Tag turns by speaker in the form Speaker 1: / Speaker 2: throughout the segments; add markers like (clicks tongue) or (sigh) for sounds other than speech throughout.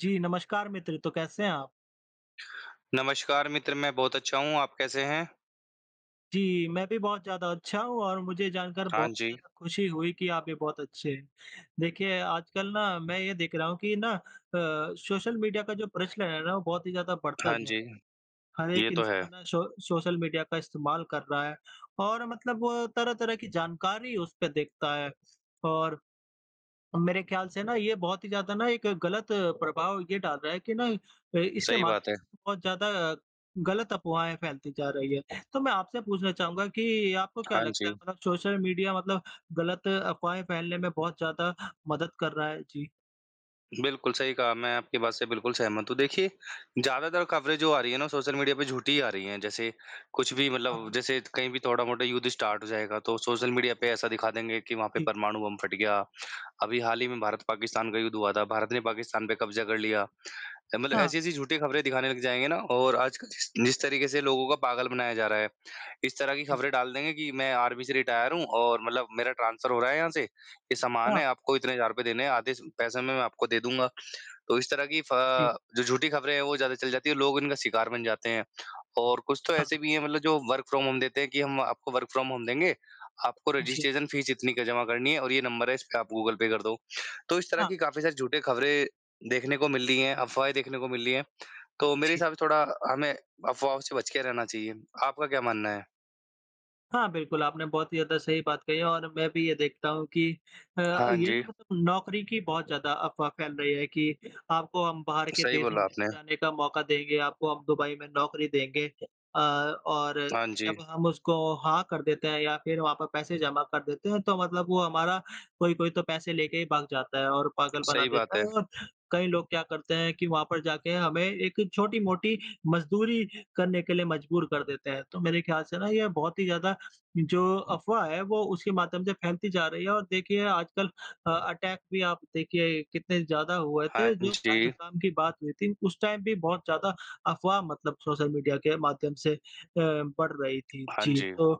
Speaker 1: जी, नमस्कार मित्र तो कैसे हैं आप?
Speaker 2: नमस्कार मित्र, मैं बहुत अच्छा हूँ। आप कैसे हैं?
Speaker 1: जी, मैं भी बहुत ज़्यादा अच्छा हूँ और मुझे जानकर
Speaker 2: हाँ
Speaker 1: बहुत ही
Speaker 2: जी।
Speaker 1: ज़्यादा ख़ुशी हुई कि आप भी बहुत अच्छे है। देखिए, आजकल ना मैं ये देख रहा हूँ कि ना अ, सोशल मीडिया का जो प्रचलन है ना वो बहुत ही ज़्यादा बढ़ता
Speaker 2: हाँ जी,
Speaker 1: जा हर
Speaker 2: ये
Speaker 1: एक
Speaker 2: तो है।
Speaker 1: इंसान ना सो सोशल मीडिया का इस्तेमाल कर रहा है। और मतलब वो तरह-तरह की जानकारी उस पे देखता है। और मेरे ख़्याल से ना ये बहुत ही ज़्यादा ना एक ग़लत प्रभाव ये डाल रहा है कि ना ए, इसके
Speaker 2: सही
Speaker 1: माध
Speaker 2: बात है।
Speaker 1: बहुत ज़्यादा ग़लत अफ़वाहें फैलती जा रही है। तो मैं आपसे पूछना चाहूँगा कि आपको क्या
Speaker 2: हाँ
Speaker 1: लगता है?
Speaker 2: जी।
Speaker 1: मतलब सोशल मीडिया मतलब ग़लत अफ़वाहें फैलने में बहुत ज़्यादा मदद कर रहा है? जी।
Speaker 2: बिल्कुल सही कहा। मैं आपकी बात से बिल्कुल सहमत हूँ। देखिए ज़्यादातर कवरेज़ जो आ रही है ना सोशल मीडिया पे झूठी ही आ रही हैं। जैसे कुछ भी मतलब
Speaker 1: हाँ।
Speaker 2: जैसे कहीं भी थोड़ा-मोड़ा युद्ध स्टार्ट हो जाएगा। तो सोशल मीडिया पे ऐसा दिखा देंगे कि वहाँ पे
Speaker 1: जी।
Speaker 2: परमाणु बम फ़ट गया। अभी हाल ही में भारत पाकिस्तान का युद्ध हुआ था। भारत ने पाकिस्तान पे क़ब्ज़ा कर लिया। अ, मतलब
Speaker 1: हाँ।
Speaker 2: ऐसी ऐसी झूठी खबरें दिखाने लग जाएँगे ना और आजकल जिस जिस तरीके से लोगों का पागल बनाया जा रहा है। इस तरह की
Speaker 1: जी।
Speaker 2: खबरें डाल देंगे कि मैं आर्मी से रिटायर हूँ। और मतलब मेरा ट्रांसफर हो रहा है यहाँ से, ये सामान
Speaker 1: हाँ।
Speaker 2: है, आपको इतने हज़ार रुपए देने है, आधे स पैसे में मैं आपको दे दूँगा। तो इस तरह की फ
Speaker 1: जी।
Speaker 2: जो झूठी खबरें है। वो ज़्यादा चल जाती है, लोग इनका शिकार बन जाते हैं। और कुछ तो
Speaker 1: हाँ।
Speaker 2: ऐसे भी है। मतलब जो वर्क फ्रॉम होम देते हैं कि हम आपको वर्क फ्रॉम होम देंगे, आपको
Speaker 1: जी।
Speaker 2: रजिस्ट्रेशन फ़ीस इतनी का जमा करनी है और ये नंबर है इस पे आप गूगल पे कर दो। तो इस तरह
Speaker 1: हाँ।
Speaker 2: की काफ़ी सारे झूठे खबरें देखने को मिल रही हैं, अफ़वाहें देखने को मिल रही हैं। तो मेरे
Speaker 1: जी।
Speaker 2: हिसाब से थोड़ा हमें अफ़वाहों से बच के रहना चाहिए। आपका क्या मानना है?
Speaker 1: हाँ, बिल्कुल, आपने बहुत ही ज़्यादा सही बात कही है और मैं भी ये देखता हूँ कि अ,
Speaker 2: हाँ
Speaker 1: ये ना
Speaker 2: जी।
Speaker 1: मतलब नौकरी की बहुत ज़्यादा अफ़वाह फैल रही है कि आपको हम बाहर के
Speaker 2: सही
Speaker 1: देशों
Speaker 2: बोला
Speaker 1: में
Speaker 2: आपने।
Speaker 1: ले जाने का मौका देंगे, आपको हम दुबई में नौकरी देंगे। अ और
Speaker 2: हाँ जी।
Speaker 1: जब हम उसको हाँ कर देते हैं या फिर वहाँ पे पैसे जमा कर देते हैं। तो मतलब वो हमारा कोई-कोई तो पैसे लेके ही भाग जाता है और पागल बना
Speaker 2: सही
Speaker 1: देता
Speaker 2: बात
Speaker 1: है
Speaker 2: है।
Speaker 1: और कई लोग क्या करते हैं कि वहाँ पर जाके हमें एक छोटी मोटी मजदूरी करने के लिए मजबूर कर देते हैं। तो मेरे ख़्याल से ना ये बहुत ही ज़्यादा जो अफ़वाह है वो उसके माध्यम से फैलती जा रही है, और देखिए आजकल अ अटैक भी आप देखिए कितने ज़्यादा हुए
Speaker 2: हाँ
Speaker 1: थे जो
Speaker 2: जी।
Speaker 1: पहलगाम की बात हुई थी। उस टाइम भी बहुत ज़्यादा अफ़वाह मतलब सोशल मीडिया के माध्यम से अ, बढ़ रही थी,
Speaker 2: हाँ
Speaker 1: जी।
Speaker 2: जी,
Speaker 1: तो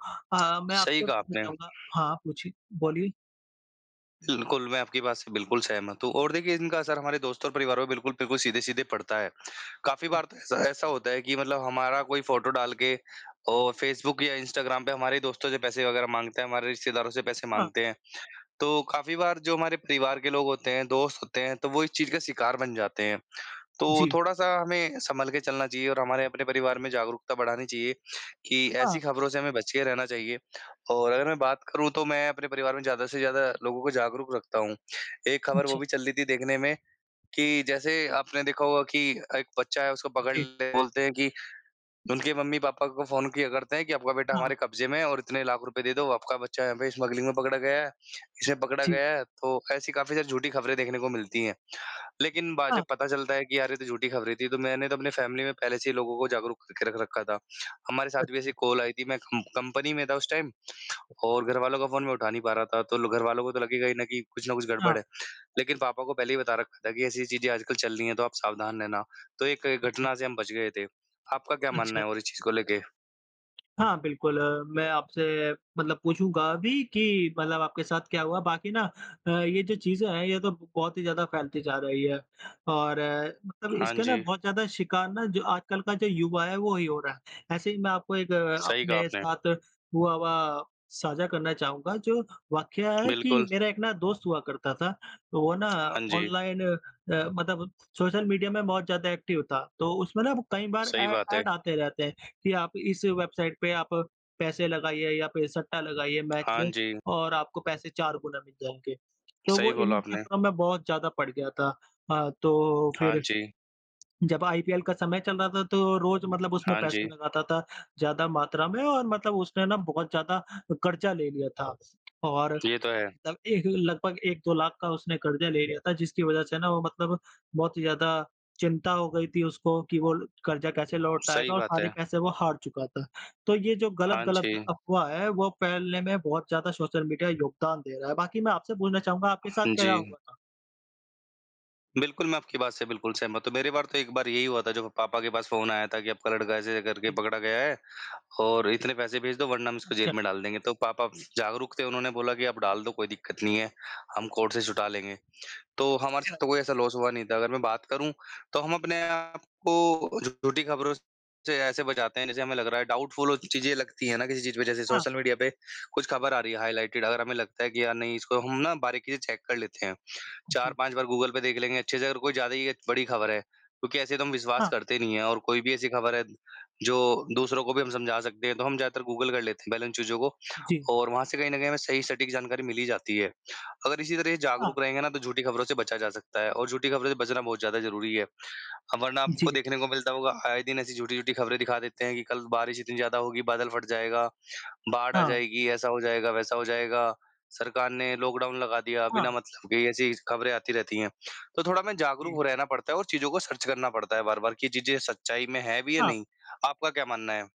Speaker 2: (clicks tongue)
Speaker 1: अ, मैं
Speaker 2: सही
Speaker 1: आपसे
Speaker 2: कहा
Speaker 1: पूछना
Speaker 2: आपने।
Speaker 1: चाहूँगा हाँ, पूछिए बोलिए।
Speaker 2: बिल्कुल, मैं आपकी बात से बिल्कुल सहमत हूँ। और देखिए इनका असर हमारे दोस्त और परिवार पर बिल्कुल बिल्कुल सीधे-सीधे पड़ता है। काफ़ी
Speaker 1: जी।
Speaker 2: बार तो ऐसा ऐसा होता है कि मतलब हमारा कोई फ़ोटो डाल के और फ़ेसबुक या इंस्टाग्राम पे हमारे दोस्तों से पैसे वग़ैरह माँगते हैं, हमारे रिश्तेदारों से पैसे
Speaker 1: हाँ।
Speaker 2: माँगते हैं। तो काफ़ी बार जो हमारे परिवार के लोग होते हैं, दोस्त होते हैं। तो वो इस चीज़ का शिकार बन जाते हैं। तो
Speaker 1: जी।
Speaker 2: थोड़ा-सा हमें सँभल के चलना चाहिए और हमारे अपने परिवार में जागरूकता बढ़ानी चाहिए कि
Speaker 1: हाँ।
Speaker 2: ऐसी खबरों से हमें बच के रहना चाहिए। और अगर मैं बात करूँ तो मैं अपने परिवार में ज़्यादा से ज़्यादा लोगों को जागरूक रखता हूँ। एक ख़बर वो
Speaker 1: जी।
Speaker 2: भी चल रही थी देखने में कि जैसे आपने देखा होगा कि एक बच्चा है उसको पकड़
Speaker 1: जी।
Speaker 2: ले बोलते हैं कि उनके मम्मी-पापा को फ़ोन किया करते हैं कि आपका बेटा
Speaker 1: हाँ।
Speaker 2: हमारे कब्जे में है और इतने लाख रुपए दे दो, आपका बच्चा है, यहाँ पे स्मगलिंग में पकड़ा गया है, इसे पकड़ा
Speaker 1: जी।
Speaker 2: गया है, तो ऐसी काफ़ी ज़्यादा झूठी खबरें देखने को मिलती हैं। लेकिन बा में
Speaker 1: हाँ।
Speaker 2: जब पता चलता है कि यार ये तो झूठी खबरें थी, तो मैंने तो अपने फ़ैमिली में पहले से ही लोगों को जागरूक करके रख रखा था। हमारे साथ भी ऐसी
Speaker 1: अच्छा।
Speaker 2: कॉल आई थी, मैं कम कंपनी में था उस टाइम और घरवालों का फ़ोन मैं उठा नहीं पा रहा था। तो ल घर वालों को तो लगेगा ही ना कि कुछ ना कुछ गड़बड़
Speaker 1: हाँ।
Speaker 2: है। लेकिन पापा को पहले ही बता रखा था कि ऐसी ऐसी चीज़ें आजकल चल रही है तो आप सावधान रहना। तो एक
Speaker 1: जी।
Speaker 2: घटना से हम बच गए थे। आपका क्या मानना
Speaker 1: अच्छा।
Speaker 2: है और इस चीज़ को लेके?
Speaker 1: हाँ बिल्कुल अ, मैं आपसे मतलब पूछूँगा अभी कि मतलब आपके साथ क्या हुआ? बाकी ना अ, ये जो चीज़ें हैं ये तो बहुत ही ज़्यादा फैलती जा रही है। और मतलब
Speaker 2: हाँ
Speaker 1: इसके ना
Speaker 2: जी।
Speaker 1: बहुत ज़्यादा शिकार ना जो आजकल का जो युवा है वही हो रहा है। ऐसे ही मैं आपको एक
Speaker 2: सही कहा
Speaker 1: अपने
Speaker 2: आपने।
Speaker 1: साथ हुआ हुआ साझा करना चाहूँगा। जो वाकया है कि
Speaker 2: बिल्कुल।
Speaker 1: मेरा एक ना दोस्त हुआ करता था तो वो ना
Speaker 2: हाँ जी।
Speaker 1: ऑनलाइन अ, मतलब सोशल मीडिया में बहुत ज़्यादा एक्टिव था। तो उसमें ना कई बार
Speaker 2: सही
Speaker 1: ऐ
Speaker 2: बात
Speaker 1: ऐड
Speaker 2: है।
Speaker 1: आते रहते हैं कि आप इस वेबसाइट पे आप पैसे लगाइए या फिर सट्टा लगाइए मैच
Speaker 2: हाँ
Speaker 1: में
Speaker 2: जी।
Speaker 1: और आपको पैसे 4 गुना मिल जाएँगे। तो
Speaker 2: सही
Speaker 1: वो
Speaker 2: बोला
Speaker 1: इन
Speaker 2: आपने।
Speaker 1: चक्करों में बहुत ज़्यादा पड़ गया था। हाँ तो
Speaker 2: हाँ
Speaker 1: फिर
Speaker 2: जी।
Speaker 1: जब आईपीएल का समय चल रहा था तो रोज़ मतलब उसमें
Speaker 2: हाँ
Speaker 1: पैसे
Speaker 2: जी।
Speaker 1: लगता था ज़्यादा मात्रा में और मतलब उसने ना बहुत ज़्यादा कर्जा ले लिया था। और
Speaker 2: ये तो है।
Speaker 1: त एक लगभग 1-2 लाख का उसने कर्जा ले लिया था जिसकी वजह से ना वो मतलब बहुत ही ज़्यादा चिंता हो गई थी उसको कि वो कर्जा कैसे
Speaker 2: सही
Speaker 1: लौटाएगा और
Speaker 2: बात
Speaker 1: सारे
Speaker 2: है।
Speaker 1: पैसे वो हार चुका था। तो ये जो
Speaker 2: हाँ
Speaker 1: गलत-गलत
Speaker 2: जी।
Speaker 1: अफ़वाह है वो फैलने में बहुत ज़्यादा सोशल मीडिया योगदान दे रहा है। बाकी मैं आपसे बोलना चाहूँगा आपके साथ
Speaker 2: हाँ
Speaker 1: क्या-क्या
Speaker 2: जी।
Speaker 1: हुआ था?
Speaker 2: बिल्कुल, मैं आपकी बात से बिल्कुल सहमत हूँ। मेरे बार तो एक बार यही हुआ था जब पापा के पास फ़ोन आया था कि आपका लड़का ऐसे करके
Speaker 1: जी।
Speaker 2: पकड़ा गया है और इतने पैसे भेज दो वरना हम इसको
Speaker 1: अच्छा।
Speaker 2: जेल में डाल देंगे तो पापा जागरुक थे उन्होंने बोला कि आप डाल दो कोई दिक्कत नहीं है, हम कोर्ट से छुटा लेंगे। तो हमारे
Speaker 1: अच्छा।
Speaker 2: साथ तो कोई ऐसा लॉस हुआ नहीं था अगर मैं बात करूँ तो हम अपने आपको झूठी खबरों से ऐसे बचाते हैं, जैसे हमें लग रहा है डाउटफुल वो चीज़ें लगती हैं ना किसी चीज़ पे जैसे
Speaker 1: हाँ।
Speaker 2: सोशल मीडिया पे कुछ खबर आ रही है हाइलाइटेड। अगर हमें लगता है कि यार नहीं इसको हम ना बारीकी से चेक कर लेते हैं चार
Speaker 1: जी।
Speaker 2: पाँच बार गूगल पे देख लेंगे अच्छे से अगर कोई ज़्यादा ही अ, बड़ी खबर है क्योंकि ऐसे तो हम विश्वास
Speaker 1: हाँ।
Speaker 2: करते नहीं हैं और कोई भी ऐसी खबर है जो दूसरों को भी हम समझा सकते हैं तो हम ज़्यादातर गूगल कर लेते हैं पहले उन चीज़ों को।
Speaker 1: जी।
Speaker 2: और वहाँ से कहीं न कहीं हमें सही सटीक जानकारी मिल ही जाती है। अगर इसी तरह ये
Speaker 1: हाँ।
Speaker 2: जागरूक रहेंगे न तो झूठी खबरों से बचा जा सकता है और झूठी खबरों से बचना बहुत ज़्यादा ज़रूरी है। वरना आपको
Speaker 1: जी।
Speaker 2: देखने को मिलता होगा आए दिन ऐसी झूठी-झूठी खबरें दिखा देते हैं कि कल बारिश इतनी ज़्यादा होगी, बादल फ़ट जाएगा, बाढ़ आ
Speaker 1: हाँ।
Speaker 2: जाएगी, ऐसा हो जाएगा, वैसा हो जाएगा। सरकार ने लॉकडाउन लगा दिया, बिना
Speaker 1: हाँ।
Speaker 2: मतलब के ऐसी स खबरें आती रहती हैं। तो थोड़ा हमें
Speaker 1: जी।
Speaker 2: जागरूक रहना पड़ता है और चीज़ों को सर्च करना पड़ता है बार-बार कि चीज़ें सच्चाई में हैं भी या
Speaker 1: हाँ।
Speaker 2: नहीं? आपका क्या मानना है?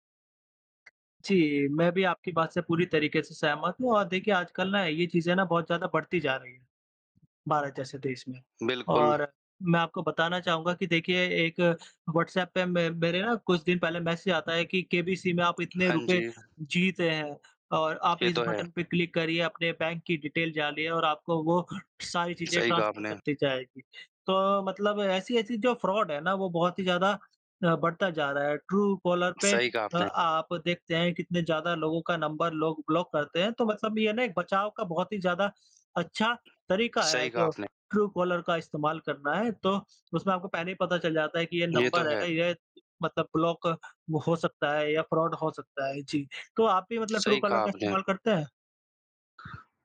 Speaker 1: जी, मैं भी आपकी बात से पूरी तरीके से सहमत हूँ और देखिए आजकल न ये चीजें न बहुत ज़्यादा बढ़ती जा रही हैं, भारत जैसे देश में।
Speaker 2: बिल्कुल।
Speaker 1: और मैं आपको बताना चाहूँगा कि देखिए एक व्हाट्सऐप पे मैं मेरे न कुछ दिन पहले मैसेज आता है कि केबीसी में आप इतने
Speaker 2: हाँ
Speaker 1: रुपए
Speaker 2: जी।
Speaker 1: जीते हैं और आप
Speaker 2: ये
Speaker 1: इस
Speaker 2: तो है।
Speaker 1: बटन पे क्लिक करिए अपने बैंक की डिटेल डालिए और आपको वो सारी चीज़ें
Speaker 2: सही कहा
Speaker 1: ट्रांसफर
Speaker 2: आपने।
Speaker 1: कर दी जाएगी। तो मतलब ऐसी-ऐसी जो फ्रॉड है ना वो बहुत ही ज़्यादा अ, बढ़ता जा रहा है। ट्रूकॉलर पे
Speaker 2: सही कहा
Speaker 1: अ
Speaker 2: आपने।
Speaker 1: आप देखते हैं कितने ज़्यादा लोगों का नंबर लोग ब्लॉक करते हैं तो मतलब ये न एक बचाव का बहुत ही ज़्यादा अच्छा तरीका है
Speaker 2: सही कहा
Speaker 1: जो
Speaker 2: आपने।
Speaker 1: ट्रूकॉलर का इस्तेमाल करना है। तो उसमें आपको पहले ही पता चल जाता है कि ये
Speaker 2: ये तो
Speaker 1: नंबर
Speaker 2: है।
Speaker 1: है ये मतलब ब्लॉक हो सकता है या फ्रॉड हो सकता है जी। तो आप भी मतलब
Speaker 2: सही
Speaker 1: ट्रूकॉलर
Speaker 2: कहा
Speaker 1: का
Speaker 2: आपने।
Speaker 1: इस्तेमाल करते हैं?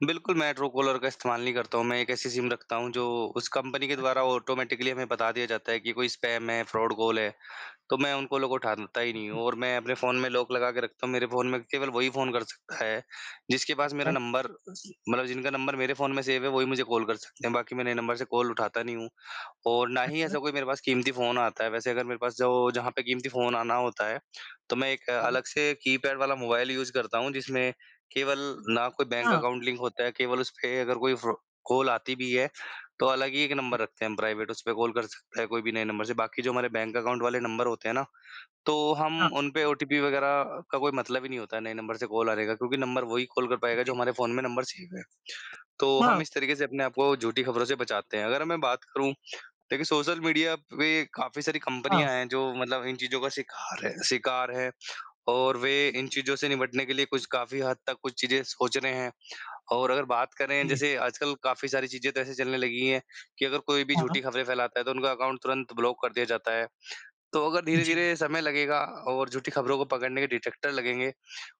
Speaker 2: बिल्कुल, मैं ट्रूकॉलर का इस्तेमाल नहीं करता हूँ मैं एक ऐसी सिम रखता हूँ जो उस कंपनी के द्वारा
Speaker 1: अच्छा।
Speaker 2: ऑटोमैटिकली हमें बता दिया जाता है कि कोई स्पैम है, फ्रॉड कॉल है। तो मैं उन कॉलों को उठाता ही
Speaker 1: हुँ,
Speaker 2: नहीं
Speaker 1: हुँ।
Speaker 2: हूँ और मैं अपने फ़ोन में लॉक लगा के रखता हूँ, मेरे फ़ोन में केवल वही फ़ोन कर सकता है जिसके पास मेरा
Speaker 1: अच्छा।
Speaker 2: नंबर अ, जी मतलब जिनका नंबर मेरे फ़ोन में सेव है, वही मुझे कॉल कर सकते हैं। बाकी मैं नए नंबर से कॉल उठाता नहीं हूँ और ना ही
Speaker 1: अच्छा।
Speaker 2: ऐसा कोई मेरे पास कीमती फ़ोन आता है, वैसे अगर मेरे पास जो जहाँ पे क़ीमती फ़ोन आना होता है तो मैं एक
Speaker 1: हुँ।
Speaker 2: अलग से कीपैड वाला मोबाइल यूज़ करता हूँ जिसमें केवल ना कोई बैंक
Speaker 1: हाँ।
Speaker 2: अकाउंट लिंक होता है, केवल उस पे अगर कोई फ्रो कॉल आती भी है तो अलग ही एक
Speaker 1: जी।
Speaker 2: नंबर रखते हैं हम प्राइवेट, उस पे कॉल कर सकते हैं कोई भी नए नंबर से। बाकी जो हमारे बैंक अकाउंट वाले नंबर होते हैं ना, तो
Speaker 1: हाँ।
Speaker 2: हम उन पे ओटीपी वग़ैरह का कोई मतलब ही नहीं होता है, नए नंबर से कॉल आ रहेगा क्योंकि नंबर वही कॉल कर पाएगा जो
Speaker 1: जी।
Speaker 2: हमारे फ़ोन में नंबर सेव है। तो हम
Speaker 1: हाँ।
Speaker 2: इस तरीके से अपने आप को झूठी खबरों से बचाते हैं। अगर मैं बात करूँ देखिए सोशल मीडिया पे काफ़ी सारी
Speaker 1: हाँ।
Speaker 2: कंपनियाँ हैं जो मतलब इन चीज़ों का शिकार हैं शिकार हैं और वे इन
Speaker 1: (unintelligible)
Speaker 2: चीज़ों से निपटने के लिए कुछ काफ़ी हद तक कुछ चीज़ें सोच रहे हैं। और अगर बात करें
Speaker 1: जी।
Speaker 2: जैसे आजकल काफ़ी सारी चीज़ें तो ऐसे चलने लगी हैं कि अगर कोई भी
Speaker 1: हाँ, हाँ।
Speaker 2: झूठी खबरें फैलाता है तो उनका अकाउंट तुरंत ब्लॉक कर दिया जाता है। तो अगर
Speaker 1: जी।
Speaker 2: धीरे-धीरे समय लगेगा और झूठी खबरों को पकड़ने के डिटेक्टर लगेंगे,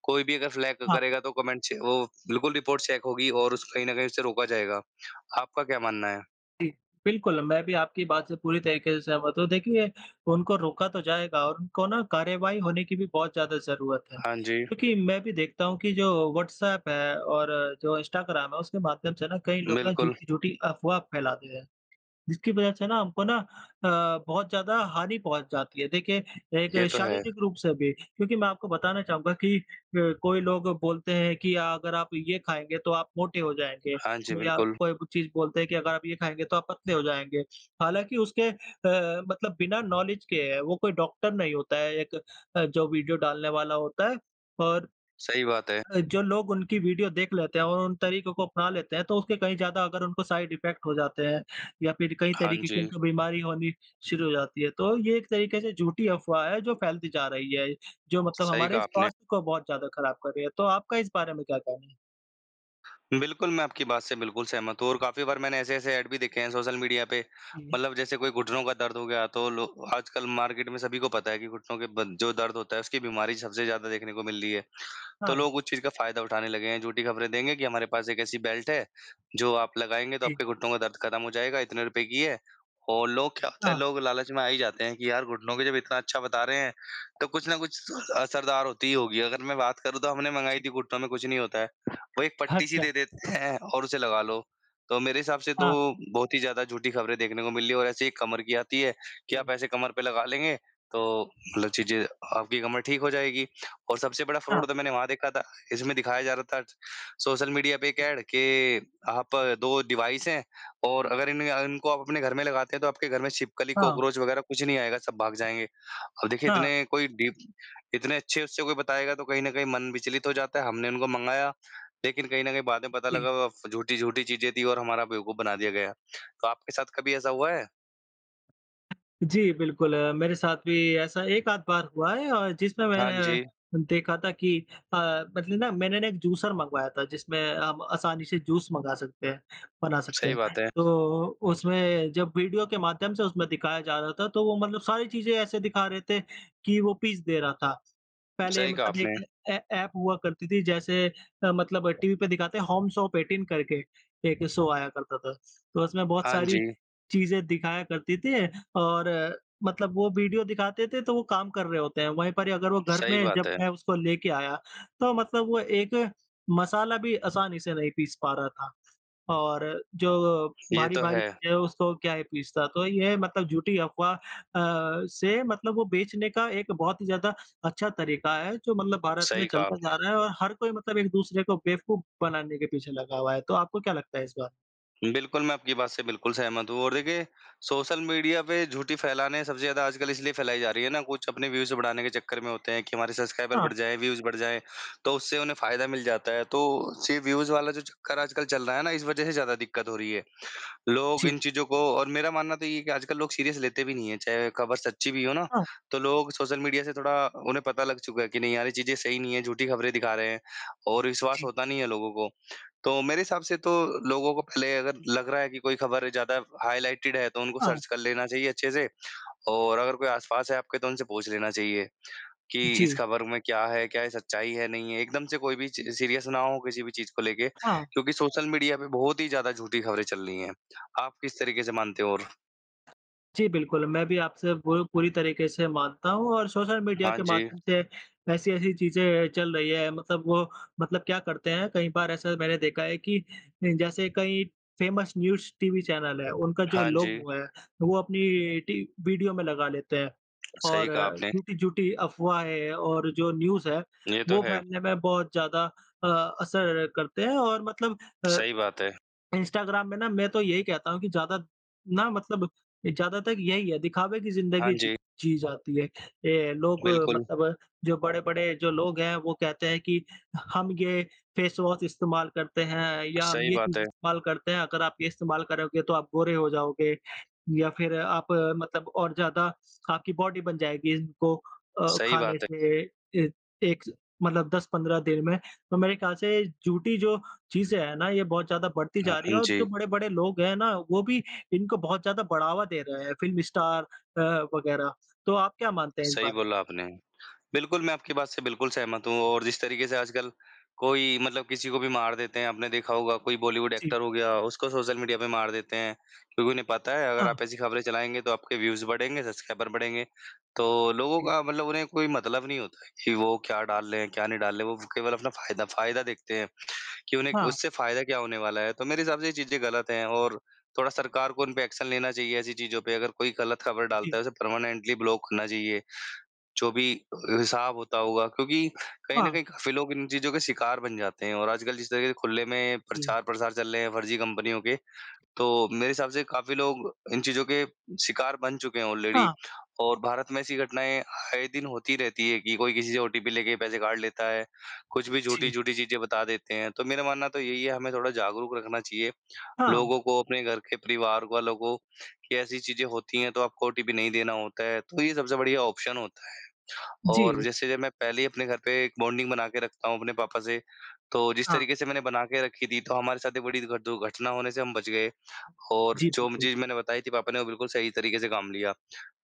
Speaker 2: कोई भी अगर फ्लैग
Speaker 1: हाँ।
Speaker 2: करेगा तो कमेंट छे वो बिल्कुल रिपोर्ट चेक होगी और उस कहीं न कहीं उसे रोका जाएगा। आपका क्या मानना है?
Speaker 1: जी। बिल्कुल, मैं भी आपकी बात से पूरी तरीके से सहमत हूँ देखिए उनको रोका तो जाएगा और उनको न कार्यवाही होने की भी बहुत ज़्यादा ज़रूरत है।
Speaker 2: हाँ जी।
Speaker 1: क्योंकि मैं भी देखता हूँ कि जो व्हाट्सऐप है और जो इंस्टाग्राम है उसके माध्यम से न कई लोग ना
Speaker 2: बिल्कुल।
Speaker 1: झूठी-झूठी अफ़वाह फैला दिया है। जिसकी वजह से न हमको न अ, बहुत ज़्यादा हानी पँहुच जाती है। देखिए एक
Speaker 2: ये तो है।
Speaker 1: शारीरिक रूप से भी क्योंकि मैं आपको बताना चाहूँगा कि अ, कोई लोग बोलते हैं की अगर आप ये खाएँगे तो आप मोटे हो जाएँगे।
Speaker 2: हाँ जी।
Speaker 1: कोई या
Speaker 2: बिल्कुल।
Speaker 1: कोई कुछ चीज़ बोलते हैं की अगर आप यह खाएँगे तो आप पतले हो जाएँगे। हालाँकि उसके अ, मतलब बिना नॉलेज के हैं वो कोई डॉक्टर नहीं होता है एक जो वीडियो डालने वाला होता है। और
Speaker 2: सही बात है।
Speaker 1: अ, जो लोग उनकी वीडियो देख लेते हैं और उन तरीकों को अपना लेते हैं तो उससे कहीं ज़्यादा अगर उनको साइड इफेक्ट हो जाते हैं या फिर कई
Speaker 2: हाँ
Speaker 1: तरीके की
Speaker 2: जी।
Speaker 1: बीमारी होनी शुरू हो जाती है तो ये एक तरीके से झूठी अफ़वाह हैं जो फैलती जा रही है जो मतलब
Speaker 2: सही
Speaker 1: हमारे
Speaker 2: कहा आपने।
Speaker 1: स्वास्थ्य बहुत ज़्यादा ख़राब कर रही है, तो आपका इस बारे में क्या कहना है?
Speaker 2: बिल्कुल, मैं आपकी बात से बिल्कुल सहमत हूँ और काफ़ी बार मैंने ऐसे-ऐसे ऐड भी देखे हैं सोशल मीडिया पे,
Speaker 1: जी।
Speaker 2: मतलब जैसे कोई घुटनों का दर्द हो गया तो लो आजकल मार्केट में सभी को पता है कि घुटनों के ब जो दर्द होता है, उसकी बीमारी सबसे ज़्यादा देखने को मिल रही है। तो
Speaker 1: हाँ।
Speaker 2: लोग उस चीज़ का फ़ायदा उठाने लगे हैं। झूठी ख़बरें देंगे कि हमारे पास एक ऐसी बेल्ट है जो आप लगाएँगे तो
Speaker 1: जी।
Speaker 2: आपके घुटनों का दर्द ख़त्म हो जाएगा, इतने रुपए की है और लोग क्या होता है,
Speaker 1: हाँ।
Speaker 2: लोग लालच में आ ही जाते हैं, कि यार घुटनों के जब इतना अच्छा बता रहे हैं, तो कुछ न कुछ असरदार होती ही होगी। अगर मैं बात करूँ तो हमने मँगाई
Speaker 1: जी।
Speaker 2: थी घुटनों में कुछ नहीं होता है। वो एक पट्टी सी
Speaker 1: अच्छा।
Speaker 2: दे देते हैं और उसे लगा लो। तो मेरे हिसाब से तो
Speaker 1: हाँ।
Speaker 2: बहुत ही ज़्यादा झूठी ख़बरें देखने को मिली और ऐसे ही एक कमर की आती है कि आप
Speaker 1: जी।
Speaker 2: ऐसे कमर पे लगा लेंगे तो मतलब चीज़ें आपकी कमर ठीक हो जाएगी। और सबसे बड़ा फ़्रॉड
Speaker 1: हाँ।
Speaker 2: तो मैंने वहाँ देखा था, इसमें दिखाया जा रहा था सोशल मीडिया पे एक ऐड कि आप 2 डिवाइस हैं और अगर इन इनको आप अपने घर में लगाते हैं तो आपके घर में छिपकली
Speaker 1: हाँ।
Speaker 2: कॉकरोच वग़ैरह कुछ नहीं आएगा सब भाग जाएँगे। अब देखिए
Speaker 1: हाँ।
Speaker 2: इतने कोई डि इतने अच्छे उससे कोई बताएगा तो कहीं न कहीं मन विचलित हो जाता है। हमने उनको मँगाया लेकिन कहीं न कहीं बाद में पता
Speaker 1: जी।
Speaker 2: लगा झूठी-झूठी चीज़ें थीं और हमारा बेवकूफ़ बना दिया गया। आपके साथ कभी ऐसा हुआ है?
Speaker 1: जी, बिल्कुल अ, मेरे साथ भी ऐसा 1 आध बार हुआ है अ, जिसमें
Speaker 2: हाँ
Speaker 1: मैं अ,
Speaker 2: जी।
Speaker 1: देखा था कि अ, मतलब ना मैंने ना एक जूसर मँगवाया था जिसमें हम आसानी से जूस मँगा सकते हैं बना सकते
Speaker 2: सही
Speaker 1: हैं।
Speaker 2: बात है।
Speaker 1: तो उसमें जब वीडियो के माध्यम से उसमें दिखाया जा रहा था तो वो मतलब सारी चीज़ें ऐसे दिखा रहे थे कि वो पीस दे रहा था। पहले
Speaker 2: सही कहा
Speaker 1: मतलब
Speaker 2: आपने।
Speaker 1: एक ऐ ऐप हुआ करती थी जैसे अ, मतलब टीवी पे दिखाते हैं होम शॉप एटीन करके एक शो आया करता था। तो उसमें बहुत
Speaker 2: हाँ
Speaker 1: सारी
Speaker 2: जी।
Speaker 1: चीज़ें दिखाया करती थीं और अ, मतलब वो वीडियो दिखाते थे तो वो काम रहे होते हैं वहीं पर अगर वो घर
Speaker 2: सही
Speaker 1: में
Speaker 2: बात
Speaker 1: जब
Speaker 2: है।
Speaker 1: मैं उसको लेके आया तो मतलब वो एक मसाला भी आसानी से नहीं पीस पा रहा था। और जो
Speaker 2: ये तो
Speaker 1: भारी-भारी
Speaker 2: है।
Speaker 1: चीज़ें है उसको क्या ही पिसता। तो ये है मतलब झूठी अफ़वा अ, से मतलब वो बेचने का एक बहुत ही ज़्यादा अच्छा तरीक़ा है जो मतलब भारत में
Speaker 2: सही कहा
Speaker 1: चलता जा
Speaker 2: आपने।
Speaker 1: रहा है और हर कोई मतलब एक-दूसरे को बेवकूफ़ बनाने के पीछे लगा हुआ है। तो आपको क्या लगता है इस बार?
Speaker 2: बिल्कुल, मैं आपकी बात से बिल्कुल सहमत हूँ और देखिए सोशल मीडिया पे झूठ ही फ़ैलाने हैं सबसे ज़्यादा आजकल इसलिए फ़ैलाई जा रही है ना कुछ अपने व्यूज़ बढ़ाने के चक्कर में होते हैं कि हमारे सब्सक्राइबर
Speaker 1: हाँ।
Speaker 2: बढ़ जाए, व्यूज़ बढ़ जाए तो उससे उन्हें फ़ायदा मिल जाता है। तो सी व्यूज़ वाला जो चक्कर आजकल चल रहा है ना इस वज़ह से ज़्यादा दिक्कत हो रही है। लोग
Speaker 1: जी।
Speaker 2: इन चीज़ों को और मेरा मानना तो ये ही है कि आजकल लोग सीरियस लेते भी नहीं हैं। चाहे ख़बर सच्ची भी हो ना,
Speaker 1: हाँ।
Speaker 2: तो लोग सोशल मीडिया से थोड़ा उन्हें पता लग चुका है कि नहीं यार ये चीज़ें सही नहीं हैं, झूठी ख़बरें दिखा रहे हैं और विश्वास
Speaker 1: जी।
Speaker 2: होता नहीं है लोगों को। तो मेरे हिसाब से तो लोगों को पहले अगर लग रहा है कि कोई ख़बर ज़्यादा हाइलाइटेड है तो उनको
Speaker 1: हाँ।
Speaker 2: सर्च कर लेना चाहिए अच्छे से और अगर कोई आसपास है आपके तो उनसे पूछ लेना चाहिए, कि इस
Speaker 1: जी।
Speaker 2: ख़बर में क्या है, क्या ये सच्चाई है, नहीं है। एकदम से कोई भी च सीरियस ना हो किसी भी चीज़ को लेके
Speaker 1: हाँ।
Speaker 2: क्योंकि सोशल मीडिया पर बहुत ही ज़्यादा झूठी ख़बरें चल रही हैं। आप किस तरीक़े से मानते हो और
Speaker 1: जी बिल्कुल, मैं भी आपसे पू पूरी तरीक़े से मानता हूँ और सोशल मीडिया
Speaker 2: हाँ
Speaker 1: के
Speaker 2: जी।
Speaker 1: माध्यम से ऐसी-ऐसी चीज़ चल रही है मतलब वो मतलब क्या करते हैं कई बार ऐसा मैंने देखा है कि जैसे कई फ़ेमस न्यूज़ टीवी चैनल हैं उनका जो
Speaker 2: हाँ जी।
Speaker 1: लोगो है वो अपनी टी वीडियो में लगा लेते हैं
Speaker 2: (smacks lips) सही
Speaker 1: और
Speaker 2: कहा आपने।
Speaker 1: झूठी-झूठी अफ़वाहें और जो न्यूज़ है
Speaker 2: ये तो
Speaker 1: वो
Speaker 2: है।
Speaker 1: फैलने में बहुत ज़्यादा अ असर करते हैं और मतलब अ,
Speaker 2: सही बात है।
Speaker 1: इंस्टाग्राम में ना मैं तो यही कहता हूँ कि ज़्यादा ना मतलब ए, ज़्यादातर यही है दिखावे की
Speaker 2: हाँ
Speaker 1: ज़िंदगी
Speaker 2: जी।
Speaker 1: जी जाती है। ये लोग
Speaker 2: बिल्कुल।
Speaker 1: मतलब जो बड़े-बड़े जो लोग हैं वो कहते हैं कि हम ये फ़ेस वॉश इस्तेमाल करते हैं या हम
Speaker 2: सही
Speaker 1: ये
Speaker 2: बात
Speaker 1: चीज़
Speaker 2: है।
Speaker 1: इस्तेमाल करते हैं अगर आप ये इस्तेमाल करोगे तो आप गोरे हो जाओगे। या फिर आप मतलब और ज़्यादा आपकी बॉडी बन जाएगी इनको अ,
Speaker 2: सही
Speaker 1: खाने
Speaker 2: बात है।
Speaker 1: से ए एक मतलब 10-15 दिन में, तो मेरे ख़्याल से झूठी जो चीज़ें हैं ना ये बहुत ज़्यादा बढ़ती
Speaker 2: हाँ,
Speaker 1: जा रही हैं
Speaker 2: हुँ,
Speaker 1: और जो
Speaker 2: जी।
Speaker 1: बड़े-बड़े लोग हैं ना वो भी इनको बहुत ज़्यादा बढ़ावा दे रहे हैं, फ़िल्म स्टार अ, वग़ैरह। तो आप क्या मानते हैं इस
Speaker 2: सही
Speaker 1: बारे में?
Speaker 2: बोला आपने। बिल्कुल मैं आपकी बात से बिल्कुल सहमत हूँ और जिस तरीक़े से आजकल कोई मतलब किसी को भी मार देते हैं, आपने देखा होगा कोई बॉलीवुड
Speaker 1: जी।
Speaker 2: एक्टर हो गया, उसको सोशल मीडिया पे मार देते हैं। क्योंकि नहीं पता है अगर
Speaker 1: हाँ।
Speaker 2: आप ऐसी ख़बरें चलाएँगे तो आपके व्यूज़ बढ़ेंगे, सब्सक्राइबर बढ़ेंगे। तो लोगों
Speaker 1: जी।
Speaker 2: का मतलब उन्हें कोई मतलब नहीं होता कि वो क्या डाल रहे हैं, क्या नहीं डाल रहे हैं। वो केवल अपना फ़ायदा फ़ायदा देखते हैं कि उन्हें
Speaker 1: हाँ।
Speaker 2: उससे फ़ायदा क्या होने वाला है। तो मेरे हिसाब से ये चीज़ें ग़लत हैं और थोड़ा सरकार को इन पे एक्शन लेना चाहिए ऐसी चीज़ों पे अगर कोई ग़लत ख़बर
Speaker 1: जी।
Speaker 2: डालता है, तो परमानेंटली ब्लॉक होना चाहिए। जो भी हिसाब होता होगा क्योंकि कहीं न
Speaker 1: हाँ।
Speaker 2: कहीं काफ़ी लोग इन चीज़ों के शिकार बन जाते हैं और आजकल जिस तरह के खुले में
Speaker 1: जी।
Speaker 2: प्रचार-प्रसार चल रहे हैं फ़र्ज़ी कंपनियों के, तो मेरे हिसाब से काफ़ी लोग इन चीज़ों के शिकार बन चुके हैं ऑलरेडी
Speaker 1: हाँ।
Speaker 2: और भारत में ऐसी घटनाएँ आए दिन होती रहती हैं कि कोई किसी से ओटीपी लैके पैसे काट लेता है। कुछ भी
Speaker 1: जी।
Speaker 2: झूठी-झूठी चीज़ें बता देते हैं। तो मेरा मानना तो यही है, हमें थोड़ा जागरूक रखना चाहिए।
Speaker 1: हाँ।
Speaker 2: लोगों को, अपने घर के परिवार वालों को कि ऐसी चीज़ें होती हैं तो आपको ओटीपी नहीं देना होता है। तो ये सबसे बढ़िया ऑप्शन होता है और
Speaker 1: जी।
Speaker 2: जैसे जब मैं पहले ही अपने घर पर एक बॉन्डिंग बनाकर रखता हूँ अपने पापा से, तो जिस
Speaker 1: हाँ।
Speaker 2: तरीक़े से मैंने बनाकर रखी थी, तो हमारे साथ ये बड़ी दुर दुर्घटना होने से हम बच गए और
Speaker 1: जी,
Speaker 2: जो म
Speaker 1: बिल्कुल।
Speaker 2: चीज़ मैंने बताई थी पापा ने वो बिल्कुल सही तरीक़े से काम लिया।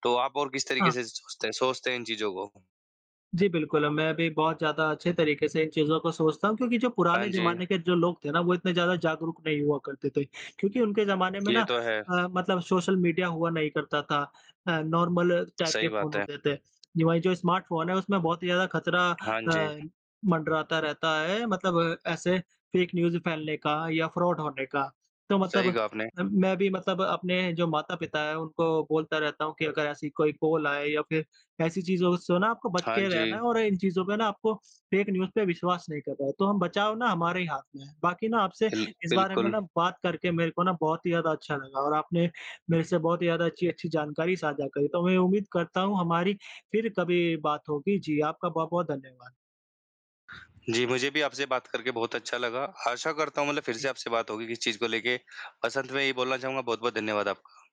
Speaker 2: तो आप और किस तरीक़े
Speaker 1: हाँ।
Speaker 2: से सोचते हैं सोचते हैं इन चीज़ों को।
Speaker 1: जी बिल्कुल, मैं भी बहुत ज़्यादा अच्छे तरीक़े से इन चीज़ों को सोचता हूँ क्योंकि जो
Speaker 2: हाँ
Speaker 1: पुराने
Speaker 2: जी।
Speaker 1: ज़माने के जो लोग थे ना वो इतने ज़्यादा जागरूक नहीं हुआ करते थे क्योंकि उनके ज़माने में ना
Speaker 2: ये तो है।
Speaker 1: अ, मतलब सोशल मीडिया हुआ नहीं करता था नॉर्मल टाइप के
Speaker 2: सही
Speaker 1: फ़ोन
Speaker 2: बात है।
Speaker 1: होते थे। ये वही जो स्मार्टफ़ोन है उसमें बहुत ही ज़्यादा ख़तरा
Speaker 2: हाँ जी।
Speaker 1: अ, मंडराता रहता है मतलब ऐसे फ़ेक न्यूज़ फैलने का या फ़्रॉड होने का। तो मतलब
Speaker 2: सही कहा आपने।
Speaker 1: अ, मैं भी मतलब अपने जो माता-पिता हैं उनको बोलता रहता हूँ कि अगर ऐसी कोई कॉल आए या फिर ऐसी चीज़ों सो ना आपको बच
Speaker 2: हाँ
Speaker 1: के रहना
Speaker 2: जी।
Speaker 1: है और इन चीज़ों पे ना आपको फ़ेक न्यूज़ पे विश्वास नहीं करना है। तो हम बचाव ना हमारे ही हाथ में है। बाकी ना आपसे
Speaker 2: बिल
Speaker 1: इस बारे में
Speaker 2: बिल्कुल।
Speaker 1: ना बात करके मेरे को ना बहुत ही ज़्यादा अच्छा लगा, और आपने मेरे से बहुत ही ज़्यादा अच्छी-अच्छी जानकारी साझा करी। तो मैं उम्मीद करता हूँ हमारी फिर कभी बात होगी, जी आपका बहुत-बहुत धन्यवाद।
Speaker 2: जी मुझे भी आपसे बात करके बहुत अच्छा लगा। आशा करता हूँ मतलब फिर
Speaker 1: जी।
Speaker 2: से आपसे बात होगी इस चीज़ को लेके। बस अंत में यही बोलना चाहूँगा बहुत-बहुत धन्यवाद आपका।